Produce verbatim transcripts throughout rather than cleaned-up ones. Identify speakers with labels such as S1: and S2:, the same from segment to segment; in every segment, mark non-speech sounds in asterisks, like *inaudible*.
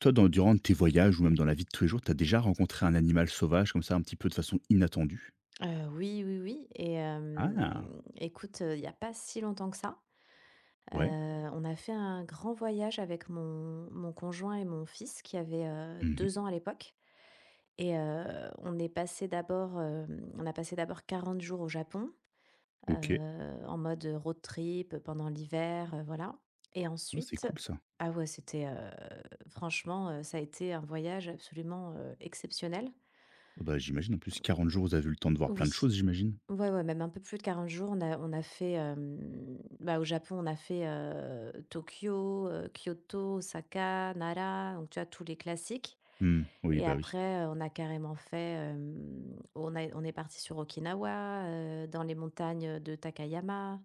S1: Toi, dans durant tes voyages ou même dans la vie de tous les jours, tu as déjà rencontré un animal sauvage comme ça un petit peu de façon inattendue?
S2: Heu, oui, oui, oui et hem,
S1: Ah!
S2: écoute, heu, il y a pas si longtemps que ça, heu,
S1: Ouais.
S2: on a fait un grand voyage avec mon mon conjoint et mon fils qui avait, heu,
S1: Mmh mh.
S2: deux ans à l'époque et heu, on est passé d'abord, hem, on a passé d'abord quarante jours au Japon, heu,
S1: OK.
S2: en mode, heu, road trip pendant l'hiver, heu, voilà et
S1: Bah, c'est
S2: ensuite
S1: cool ça.
S2: ah ouais, c'était, heu, franchement, heu, ça a été un voyage absolument, heu, exceptionnel.
S1: Ah bah, j'imagine, en plus,
S2: *unintelligible*
S1: quarante jours, vous avez eu le temps de voir plein de
S2: Oui.
S1: choses, j'imagine?
S2: Ouais, ouais, même un peu plus de quarante jours, on a on a fait, hem, bah, au Japon, on a fait, heu, Tokyo, heu, Kyoto, Osaka, Nara, donc tu vois tous les classiques
S1: Mmh, oui,
S2: et
S1: bah, oui.
S2: après, heu, on a carrément fait, hem, on a on est parti sur Okinawa, heu, dans les montagnes, heu, de Takayama,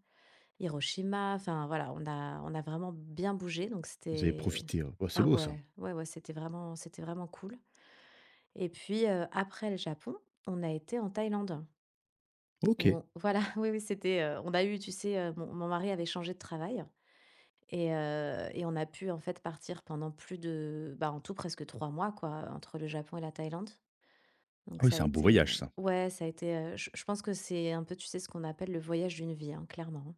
S2: Hiroshima, enfin, voilà, on a on a vraiment bien bougé donc
S1: Vous avez
S2: c'était
S1: profité. Oh, bah, c'est
S2: ah
S1: beau ça.
S2: ouais. Ouais, ouais, c'était vraiment c'était vraiment cool et puis, heu, après le Japon, on a été en Thaïlande où
S1: OK.
S2: on voilà, oui, oui, c'était, heu on a eu tu sais, heu, mon mon mari avait changé de travail et heu et on a pu en fait partir pendant plus de, bah, en tout presque trois mois quoi, heu, entre le Japon et la Thaïlande, donc
S1: Ah oui,
S2: ça a
S1: c'est un beau
S2: été, heu
S1: voyage ça!
S2: ouais, ça a été, heu, je je pense que c'est un peu, tu sais, ce qu'on appelle le voyage d'une vie, hein, clairement,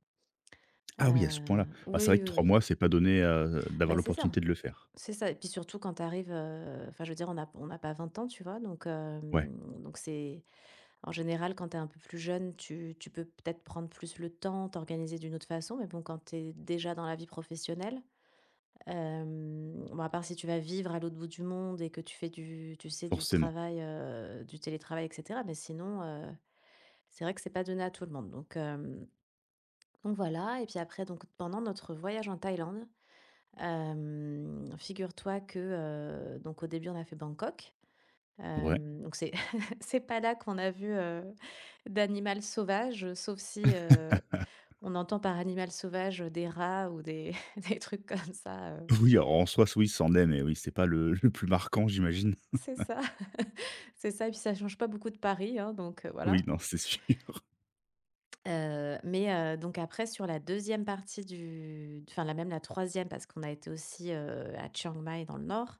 S1: Ah oui, à ce
S2: hein,
S1: point-là,
S2: heu,
S1: bah, c'est vrai
S2: oui,
S1: que
S2: oui,
S1: trois
S2: oui.
S1: mois, c'est pas donné à, heu, d'avoir
S2: Bah, c'est ça
S1: l'opportunité de le faire.
S2: c'est ça et puis surtout quand tu arrives, heu enfin, je veux dire on a p on a pas vingt ans, tu vois, donc,
S1: Ouais.
S2: hem, donc, c'est en général, quand tu es un peu plus jeune, tu tu peux peut-être prendre plus le temps, t'organiser d'une autre façon, mais bon quand tu es déjà dans la vie professionnelle, hem, bon, à part si tu vas vivre à l'autre bout du monde et que tu fais du tu sais, du
S1: Forcément.
S2: travail, heu, du télétravail et cetera, mais sinon heu, c'est vrai que c'est pas donné à tout le monde, donc hem, donc voilà et puis après donc pendant notre voyage en Thaïlande, hem, figure-toi que, heu, donc au début on a fait Bangkok,
S1: Ouais.
S2: hem, donc c'est, *chuckles* c'est pas là qu'on a vu, heu, d'animal sauvage, heu, sauf si, heu,
S1: *laughs*
S2: on entend par animal sauvage, heu, des rats ou des des trucs comme ça, heu
S1: Oui, en en soit c'est oui, ça en est, mais oui c'est pas le le plus marquant, j'imagine.
S2: C'est
S1: *laughs*
S2: ça. *laughs* C'est ça et puis ça change pas beaucoup de Paris, hein, donc heu,
S1: Oui,
S2: voilà.
S1: non, c'est sûr!
S2: Heu, mais heu, donc après sur la deuxième partie du enfin, la même la troisième parce qu'on a été aussi, heu, à Chiang Mai dans le nord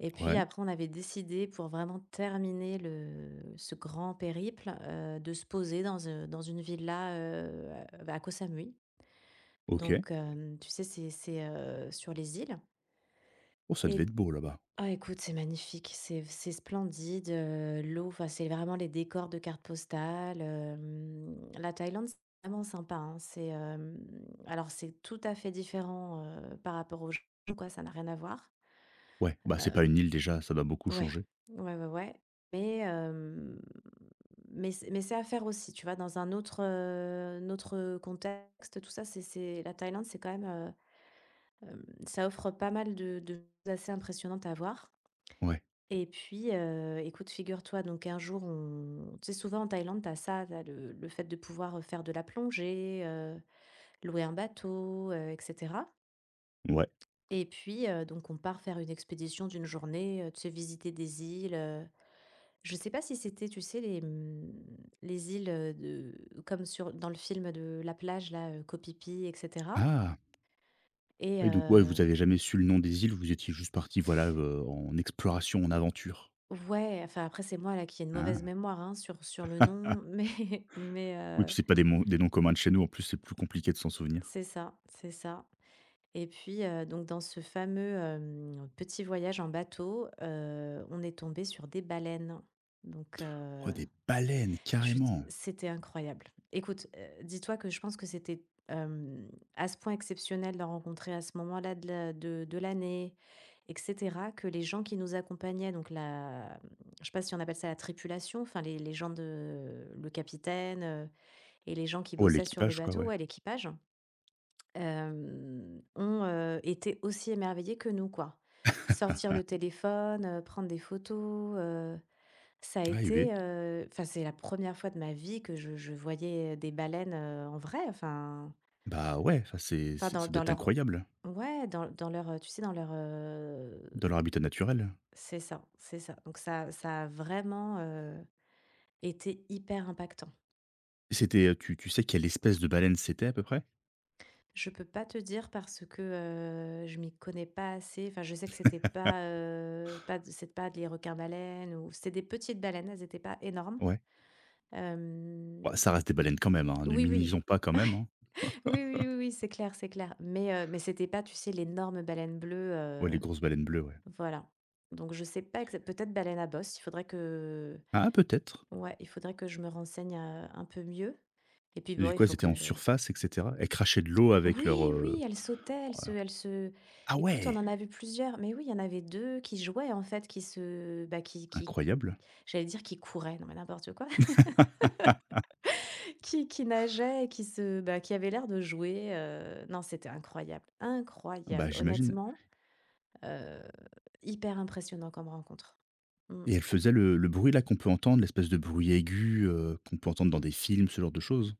S2: et puis
S1: Ouais.
S2: après on avait décidé pour vraiment terminer le ce grand périple, heu, de se poser dans un dans une villa, heu, à bah, à Koh Samui,
S1: OK.
S2: donc, hem, tu sais, c'est c'est, heu, sur les îles
S1: Oh, ça
S2: et
S1: devait être beau là-bas!
S2: ah écoute, c'est magnifique, c'est f c'est splendide, heu, l'eau enfin, c'est vraiment les décors de carte postale, hem, la Thaïlande, c'est vraiment sympa, hein. C'est, hem, alors c'est tout à fait différent, heu, par rapport au Japon, quoi, ça n'a rien à voir,
S1: Ouais, bah, c'est pas
S2: heu
S1: une île déjà, ça doit beaucoup
S2: ouais.
S1: changer?
S2: Ouais, ouais, ouais mais hem, mais c'est mais c'est à faire aussi, tu vois, dans un autre, heu, un autre contexte, tout ça, c'est c'est la Thaïlande, c'est quand même, heu, hem, ça offre pas mal de de choses assez impressionnantes à voir
S1: Ouais.
S2: et puis, heu, écoute, figure-toi, donc un jour, on tu sais souvent en Thaïlande, tu as ça là, le le fait de pouvoir, heu, faire de la plongée, heu, louer un bateau, heu et cetera.
S1: Ouais.
S2: Et puis, heu, donc on part faire une expédition d'une journée, heu, tu sais visiter des îles, heu. Je sais pas si c'était tu sais, les, mmh, les îles, heu, de comme sur dans le film de La plage, là, heu, Koh Phi Phi, et cetera.
S1: Ah!
S2: Et
S1: Oui, donc ouais, vous
S2: heu
S1: avez jamais su le nom des îles, vous étiez juste partis, voilà, heu, en exploration, en aventure.
S2: Ouais. Enfin, après, c'est moi, là, qui ai une mauvaise
S1: Ah.
S2: mémoire, hein, sur sur le
S1: *laughs*
S2: nom. Mais mais,
S1: Oui,
S2: heu
S1: puis c'est pas des mon des noms communs chez nous, en plus, c'est plus compliqué de s'en souvenir.
S2: C'est ça, c'est ça. Et puis, heu, donc dans ce fameux, hem, petit voyage en bateau, heu, on est tombés sur des baleines. Donc
S1: Oh,
S2: heu,
S1: des baleines,
S2: je te
S1: carrément!
S2: c'était incroyable. Écoute, heu, dis-toi que je pense que c'était, hem, à ce point exceptionnel d'en rencontrer à ce moment-là de l'a de de l'année, et cetera, que les gens qui nous accompagnaient, donc la m je sais pas si on appelle ça la tripulation, enfin les les gens de heu, le capitaine, heu et les gens qui
S1: Oh,
S2: bossaient sur le
S1: l'équipage, quoi,
S2: bateau
S1: ouais.
S2: Ouais, l'équipage. Hem, ont, heu, été aussi émerveillés que nous, quoi. Sortir
S1: *laughs*
S2: le téléphone, heu, prendre des photos, heu Ça a
S1: Ah, il y avait
S2: été, heu, enfin, c'est la première fois de ma vie que je je voyais, heu, des baleines, heu, en vrai, enfin.
S1: Bah ouais. Enfin, c'est
S2: Enfin,
S1: c'est
S2: dans
S1: ça doit
S2: dans
S1: être
S2: leur
S1: incroyable.
S2: ouais, dans dans leur, heu, tu sais? Dans leur, heu
S1: Dans leur habitat naturel?
S2: C'est ça c'est ça. Donc ça ça a vraiment, heu, été hyper impactant.
S1: C'était, heu tu tu sais, quelle espèce de baleine c'était, à peu près?
S2: Je peux pas te dire parce que, heu, je m'y connais pas assez. Enfin, je sais que c'était pas,
S1: *laughs*
S2: heu, pas de c'était pas des requins baleines ou c'est des petites baleines. Elles étaient pas énormes.
S1: Ouais. Oua
S2: Hem.
S1: ça reste des baleines, quand même, hein! Ne
S2: Oui, oui.
S1: minimisons pas, quand même, hein?
S2: Ouais. Oui, oui, oui, oui.
S1: *laughs*
S2: C'est clair c'est clair, mais heu, mais c'était pas tu sais? L'énorme baleine bleue,
S1: Ouais.
S2: heu,
S1: Les grosses baleines bleues, ouais.
S2: voilà, donc je sais pas exact peut-être baleine à bosse? Il faudrait que
S1: Ah! Peut-être!
S2: ouais. Il faudrait que je me renseigne, heu, un peu mieux! Et puis,
S1: Et
S2: bon,
S1: du
S2: il
S1: coup, elles
S2: faut
S1: étaient
S2: que
S1: en
S2: heu
S1: surface, et cetera? Elles crachaient de l'eau, avec leur,
S2: Oui,
S1: heu
S2: oui! Elles sautaient, elles se
S1: ouais.
S2: elles se
S1: Ah
S2: écoute, on
S1: ouais!
S2: en a vu plusieurs, mais oui, il y en avait deux qui jouaient, en fait, qui se bah, qui qui
S1: Incroyable.
S2: J'allais dire «Qui couraient», non mais n'importe quoi!
S1: *laughs*
S2: *laughs* Qui qui nageait et qui se bah, qui avaient l'air de jouer, heu non, c'était incroyable, incroyable!
S1: Bah, j'imagine.
S2: Honnêtement? Heu, hyper impressionnant comme rencontre. Mmh.
S1: Et elle faisait le le bruit là, qu'on peut entendre? L'espèce de bruit aigu, heu, qu'on peut entendre dans des films, ce genre de choses?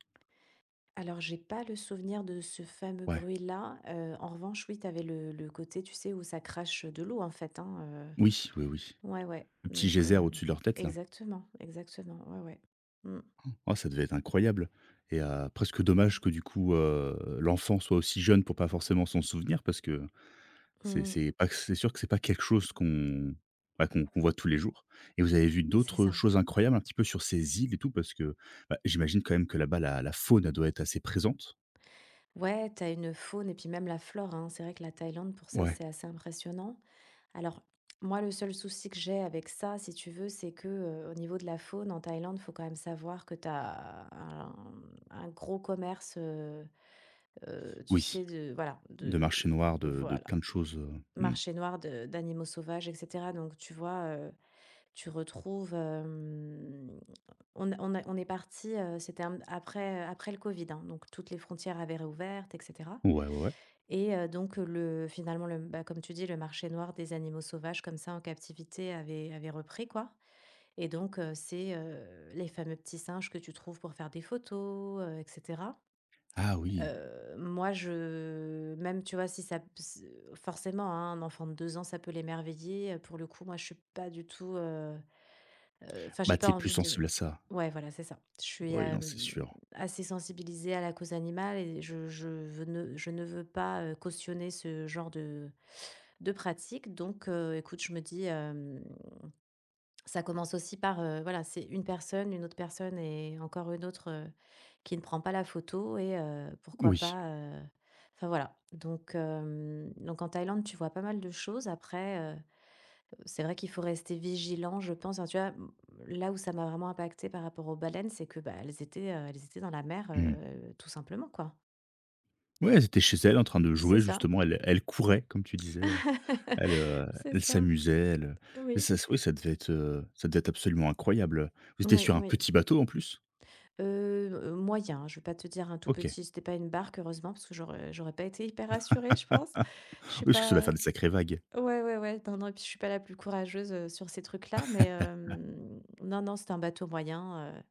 S2: Alors, j'ai pas le souvenir de ce fameux
S1: Ouais.
S2: bruit-là, heu, en revanche, oui! Tu avais le le côté, tu sais, où ça crache, heu, de l'eau, en fait, hein!
S1: Oui! Oui, oui.
S2: Heu. Ouais, ouais,
S1: Le petit
S2: donc
S1: geyser,
S2: hem
S1: au-dessus de leur tête, là!
S2: exactement exactement. Ouais, ouais. Mmh.
S1: *gasps* Oh! Ca devait être incroyable, et heu, presque dommage que du coup, heu, l'enfant soit aussi jeune pour pas forcément s'en souvenir parce que, c'est
S2: Mmh.
S1: c'est pas que c'est sûr que c'est pas quelque chose qu'on, bah, qu'on qu'on voit tous les jours, et vous avez vu
S2: C'est
S1: d'autres, heu,
S2: ça!
S1: choses incroyables, un petit peu, sur ces îles et tout? Parce que, bah, j'imagine quand même que là-bas la la faune doit être assez présente!
S2: Ouais! Tu as une faune et puis même la flore hein! C'est vrai que la Thaïlande, pour ça,
S1: Ouais!
S2: c'est assez impressionnant. Alors, moi, le seul souci que j'ai avec ça, si tu veux, c'est que, heu, au niveau de la faune en Thaïlande, il faut quand même savoir que tu as, hem, un gros commerce, heu heu, tu sais
S1: Oui!
S2: de voilà.
S1: De
S2: De
S1: marché noir, de de
S2: voilà!
S1: plein de choses, heu, mmh.
S2: Marché noir de d'animaux sauvages et cetera, donc tu vois? Heu, tu retrouves, hem, on a on a on est parti, heu, c'était un après, heu, après le covid, hein! Donc toutes les frontières avaient réouvertes et cetera,
S1: Ouais, ouais.
S2: et heu, donc le finalement le m bah, comme tu dis, «Le marché noir des animaux sauvages», comme ça, en captivité, avait avait repris, quoi! Et donc heu, c'est, heu, les fameux petits singes que tu trouves pour faire des photos, heu, et cetera.
S1: Ah! Oui!
S2: Heu, moi je même tu vois si ça p s forcément, hein, un enfant de deux ans, ça peut l'émerveiller, heu, pour le coup, moi, je suis pas du tout, heu heu enfin, j'ai
S1: Bah,
S2: pas
S1: tu es plus
S2: envie de
S1: sensible, à ça!
S2: ouais, voilà! C'est ça. Je suis,
S1: Oui. Non, c'est
S2: hem,
S1: sûr.
S2: assez sensibilisée à la cause animale et je je veux ne je ne veux pas, heu, cautionner ce genre de de pratique, donc heu, écoute, je me dis, hem: «Ça commence aussi par, heu voilà! C'est une personne, une autre personne et encore une autre, heu, qui ne prend pas la photo, et heu, pourquoi
S1: Oui.
S2: pas, heu, enfin, voilà!» donc hem, donc en Thaïlande, tu vois pas mal de choses après, heu, c'est vrai qu'il faut rester vigilant, je pense, hein? Tu vois? Mmh. Là où ça m'a vraiment impactée par rapport aux baleines, c'est que, bah, elles étaient, heu, elles étaient dans la mer,
S1: Mmh.
S2: heu, tout simplement, quoi!
S1: Ouais, elles étaient chez elles en train de
S2: C'est
S1: jouer
S2: ça.
S1: justement, elles elles couraient comme tu disais, heu, elles,
S2: *laughs*
S1: heu,
S2: C'est
S1: elles
S2: ça.
S1: s'amusaient, elles heu et
S2: Oui.
S1: ça ç oui, ça devait être heu, ça devait être absolument incroyable, vous étiez
S2: Oui,
S1: sur un
S2: oui.
S1: petit bateau en plus?
S2: Heu heu, moyen, je vais pas te dire un tout
S1: OK.
S2: petit, c'était pas une barque heureusement parce que j'aurais j'aurais pas été hyper rassurée je pense.
S1: *laughs* Oui,
S2: Je suis
S1: parce que ça doit
S2: pas
S1: faire des sacrés vagues.
S2: ouais, ouais, ouais, non, non, et puis je suis pas la plus courageuse, heu, sur ces trucs-là, mais
S1: *laughs*
S2: hem, non, non, c'était un bateau moyen, heu,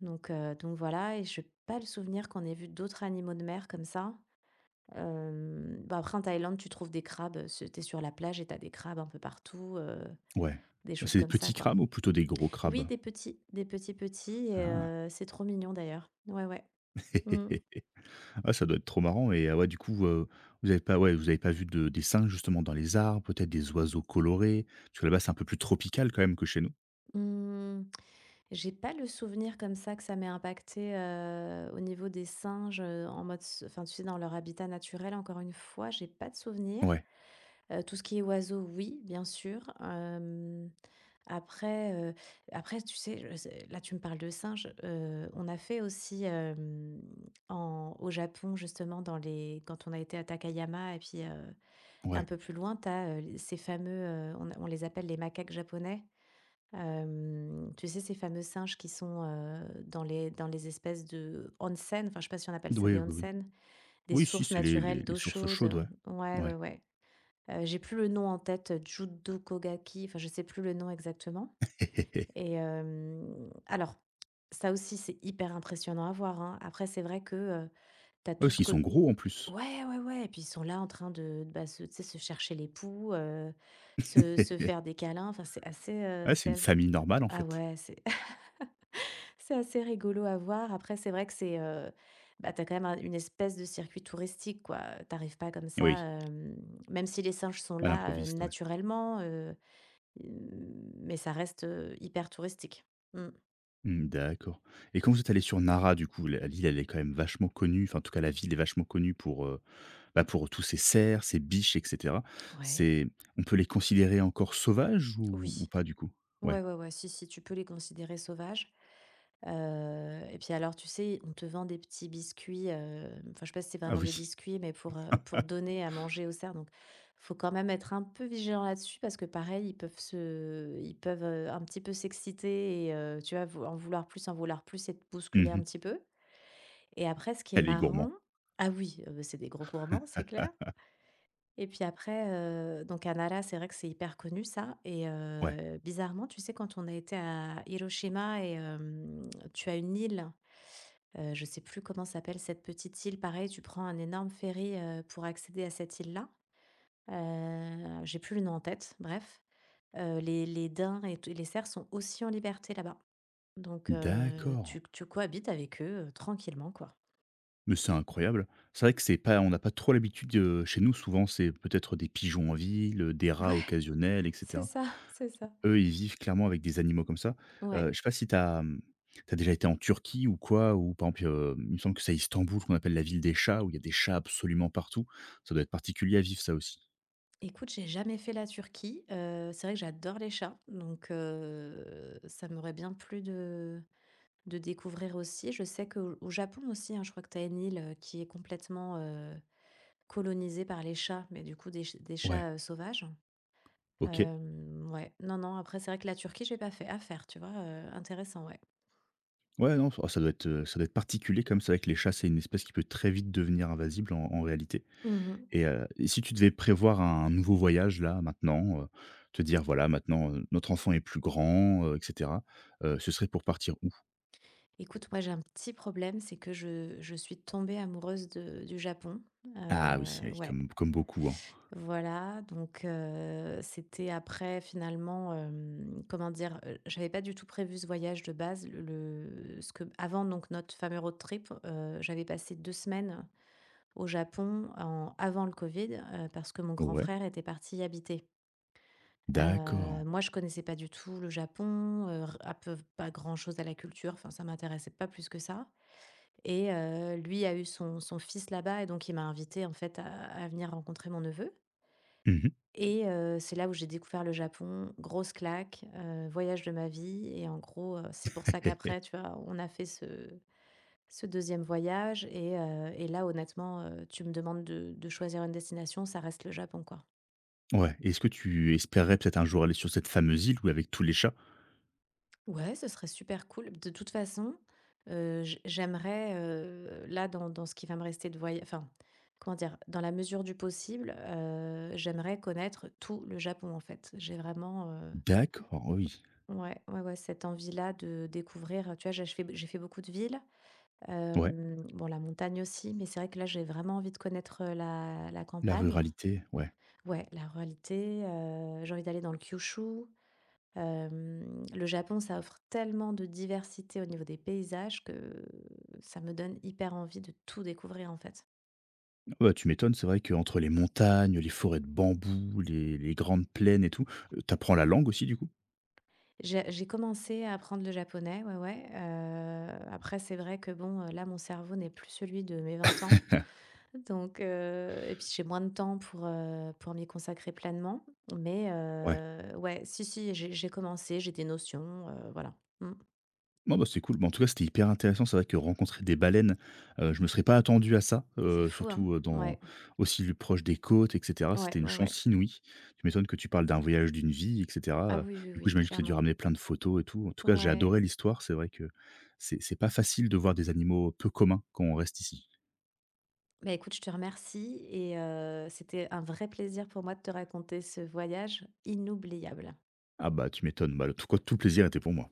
S2: donc heu, donc voilà et j'ai pas le souvenir qu'on ait vu d'autres animaux de mer comme ça. Hem, bah après en Thaïlande, tu trouves des crabes, heu, c'est tu es sur la plage et tu as des crabes un peu partout, heu,
S1: Ouais.
S2: des choses
S1: C'est des
S2: comme
S1: petits
S2: ça quoi.
S1: crabes, ou plutôt des gros
S2: Oui,
S1: crabes?
S2: des petits des petits, petits et
S1: Ah.
S2: heu, c'est trop mignon d'ailleurs. Ouais, ouais. Mmh.
S1: *laughs* Ah, ça doit être trop marrant, et ah ouais, du coup, heu, vous avez pas ouais, vous avez pas vu de des singes, justement, dans les arbres? Peut-être des oiseaux colorés? Parce que là-bas, c'est un peu plus tropical, quand même, que chez nous.
S2: Mmh. J'ai pas le souvenir comme ça que ça m'ait impacté, heu, au niveau des singes, heu, en mode ce enfin tu sais dans leur habitat naturel encore une fois j'ai pas de souvenir.
S1: Ouais.
S2: Heu, tout ce qui est oiseaux, oui, bien sûr. Hem, après, heu, après, tu sais je là, tu me parles de singe, heu, on a fait aussi, hem, en au Japon, justement, dans les quand on a été à Takayama et puis, heu, un
S1: Ouais.
S2: peu plus loin, tu as, heu, ces fameux, heu, on a on les appelle les macaques japonais. Hem, tu sais ces fameux singes qui sont, heu, dans les dans les espèces de onsen enfin, je sais pas si on appelle ça
S1: Oui,
S2: des
S1: oui, oui.
S2: onsen, des
S1: Oui, si,
S2: sources
S1: c'est les les
S2: naturelles
S1: les
S2: d'eau
S1: sources
S2: chaude,
S1: chaudes, ouais.
S2: heu, ouais, ouais,
S1: Ouais.
S2: ouais. Heu, j'ai plus le nom en tête, heu, Judo Kogaki, enfin, je sais plus le nom exactement,
S1: *laughs*
S2: et hem, alors, ça aussi, c'est hyper impressionnant à voir, hein. Après, c'est vrai que, heu, tu as
S1: Ouais,
S2: tout
S1: parce
S2: ce
S1: qu'ils
S2: côt
S1: sont gros, en plus.
S2: ouais, ouais, ouais et puis ils sont là en train de de bah se tu sais, se chercher les poux, heu, se se
S1: *laughs*
S2: faire des câlins, enfin c'est assez, heu
S1: Ouais, c'est
S2: c'est
S1: une
S2: ass
S1: famille normale, en
S2: ah
S1: fait.
S2: ouais, c'est *laughs* c'est assez rigolo à voir. Après, c'est vrai que c'est heu, bah, tu as quand même un une espèce de circuit touristique, quoi. Tu arrives pas comme ça,
S1: Oui.
S2: hem, même si les singes sont
S1: À
S2: là, heu,
S1: l'improviste, ouais.
S2: naturellement, heu, mais ça reste, heu, hyper touristique. Mmh.
S1: Mmh, d'accord et quand vous êtes allés sur Nara, du coup, la l'île, elle est quand même vachement connue, enfin, en tout cas, la ville est vachement connue pour, heu, bah, pour tous ces cerfs, ces biches et cetera.
S2: Ouais.
S1: C'est on peut les considérer encore sauvages ou
S2: Oui.
S1: ou pas, du coup?
S2: Ouais,
S1: Ouais.
S2: ouais, ouais, si, si, tu peux les considérer sauvages, heu et puis, alors, tu sais, on te vend des petits biscuits, hem, enfin, je sais pas si c'est
S1: Ah
S2: vraiment des
S1: oui.
S2: biscuits, mais pour, heu, pour
S1: *laughs*
S2: donner à manger aux cerfs, donc, il faut quand même être un peu vigilant là-dessus parce que pareil, ils peuvent se ils peuvent, heu, un petit peu s'exciter et heu, tu vois, vou en vouloir plus, en vouloir plus et te
S1: Mmh
S2: bousculer un
S1: mh.
S2: petit peu et après, ce qui est
S1: Elle est gourmand.
S2: marrant ah oui, heu, c'est des gros gourmands, c'est clair
S1: *laughs*
S2: et puis après, heu, donc à Nara, c'est vrai que c'est hyper connu ça et
S1: Ouais.
S2: heu, bizarrement, tu sais, quand on a été à Hiroshima et hem, tu as une île, heu, je sais plus comment s'appelle cette petite île, pareil, tu prends un énorme ferry, heu, pour accéder à cette île-là, heu, j'ai plus le nom en tête, bref, heu, les les daims et tu les cerfs sont aussi en liberté là-bas, donc heu,
S1: D'accord.
S2: tu tu cohabites avec eux, heu, tranquillement, quoi.
S1: Mais c'est incroyable. C'est vrai que c'est pas on a pas trop l'habitude, heu, chez nous, souvent, c'est peut-être des pigeons en ville, heu, des rats
S2: Ouais.
S1: occasionnels, et
S2: C'est
S1: cetera.
S2: ça, c'est ça.
S1: Eux, ils vivent clairement avec des animaux comme ça. Heu,
S2: Ouais.
S1: je sais pas si tu as, mmh, tu as déjà été en Turquie ou quoi, ou par exemple? Heu, il me semble que c'est Istanbul qu'on appelle la ville des chats, où il y a des chats absolument partout. Ça doit être particulier à vivre, ça aussi.
S2: Écoute, j'ai jamais fait la Turquie, heu, c'est vrai que j'adore les chats, donc heu, ça m'aurait bien plu de de découvrir aussi. Je sais qu'au au Japon aussi, hein, je crois que tu as une île, heu, qui est complètement, heu, colonisée par les chats, mais du coup des ch des
S1: Ouais.
S2: chats, heu, sauvages.
S1: OK.
S2: Hem, ouais, non, non, après c'est vrai que la Turquie, j'ai pas fait. À faire, tu vois? Heu, intéressant, ouais.
S1: Ouais, non, enfin ça doit être, heu, ça doit être particulier comme c'est vrai que les chats, c'est une espèce qui peut très vite devenir invasible, en en réalité
S2: Mmh mh.
S1: et heu, et si tu devais prévoir un nouveau voyage là maintenant, heu, te dire voilà maintenant, heu, notre enfant est plus grand, heu, et cetera, heu, ce serait pour partir où?
S2: Écoute, moi, j'ai un petit problème, c'est que je je suis tombée amoureuse, de du Japon,
S1: Ah oui, c'est
S2: heu,
S1: oui,
S2: ouais
S1: comme comme beaucoup, hein.
S2: voilà, donc heu, c'était après finalement, hem, comment dire? Heu, j'avais pas du tout prévu ce voyage de base. Le le ce que avant, donc notre fameux road trip, heu, j'avais passé deux semaines au Japon en avant le covid, heu, parce que mon grand
S1: Ouais.
S2: frère était parti y habiter. Heu,
S1: D'accord.
S2: moi je connaissais pas du tout le Japon, heu, r un peu v pas grand-chose à la culture. Enfin ça m'intéressait pas plus que ça et heu, lui a eu son son fils là-bas et donc il m'a invitée, en fait, à à venir rencontrer mon neveu
S1: Mmh mh.
S2: et heu, c'est là où j'ai découvert le Japon. Grosse claque, heu, voyage de ma vie et en gros, heu c'est pour ça
S1: *laughs*
S2: qu'après, tu vois? On a fait ce ce deuxième voyage et heu, et là honnêtement, heu, tu me demandes de de choisir une destination, ça reste le Japon quoi.
S1: Ouais, et est-ce que tu espérerais peut-être un jour aller sur cette fameuse île où avec tous les chats?
S2: Ouais, ce serait super cool. De toute façon, heu, j j'aimerais, heu, là dans dans ce qui va me rester de voya enfin, comment dire, dans la mesure du possible, heu, j'aimerais connaître tout le Japon, en fait. J'ai vraiment, heu
S1: D'accord, oui.
S2: ouais, ouais, ouais, cette envie là de découvrir, heu, tu vois j'ai j j'ai fait b j'ai fait beaucoup de villes.
S1: Ouais.
S2: Hem, bon la montagne aussi, mais c'est vrai que là j'ai vraiment envie de connaître heu la la
S1: La
S2: campagne
S1: ruralité, ouais.
S2: Ouais, la ruralité, heu, j'ai envie d'aller dans le Kyushu. Hem, le Japon ça offre tellement de diversité au niveau des paysages que ça me donne hyper envie de tout découvrir en fait.
S1: Bah tu m'étonnes, c'est vrai qu'entre les montagnes, les forêts de bambous, les les grandes plaines et tout, heu, tu apprends la langue aussi du coup?
S2: J'ai j'ai commencé à apprendre le japonais, ouais, ouais, heu, après c'est vrai que bon, heu, là mon cerveau n'est plus celui de mes vingt ans.
S1: *laughs*
S2: Donc heu, et puis j'ai moins de temps pour, heu, pour m'y consacrer pleinement. Mais
S1: Ouais.
S2: heu, ouais, si, si, j'ai j'ai commencé, j'ai des notions heu, voilà. Mmh.
S1: Bon bah c'est cool, ben en tout cas c'était hyper intéressant, c'est vrai que rencontrer des baleines, heu, je me serais pas attendu à ça,
S2: C'est
S1: heu,
S2: fou, hein?
S1: surtout, heu, dans
S2: Ouais.
S1: aussi l proche des côtes et cetera,
S2: Ouais,
S1: c'était une
S2: ouais, ouais.
S1: chance inouïe. Tu m'étonnes que tu parles d'un voyage d'une vie et cetera,
S2: Ah
S1: heu,
S2: oui, oui,
S1: du coup
S2: oui,
S1: j'imagine que tu as dû
S2: clairement.
S1: ramener plein de photos et tout. En tout cas j'ai
S2: Ouais.
S1: adoré l'histoire, c'est vrai que c'est c'est pas facile de voir des animaux peu communs quand on reste ici.
S2: Beh écoute, je te remercie et heu, c'était un vrai plaisir pour moi de te raconter ce voyage inoubliable.
S1: Ah bah tu m'étonnes, ben le tout quo tout plaisir était pour moi.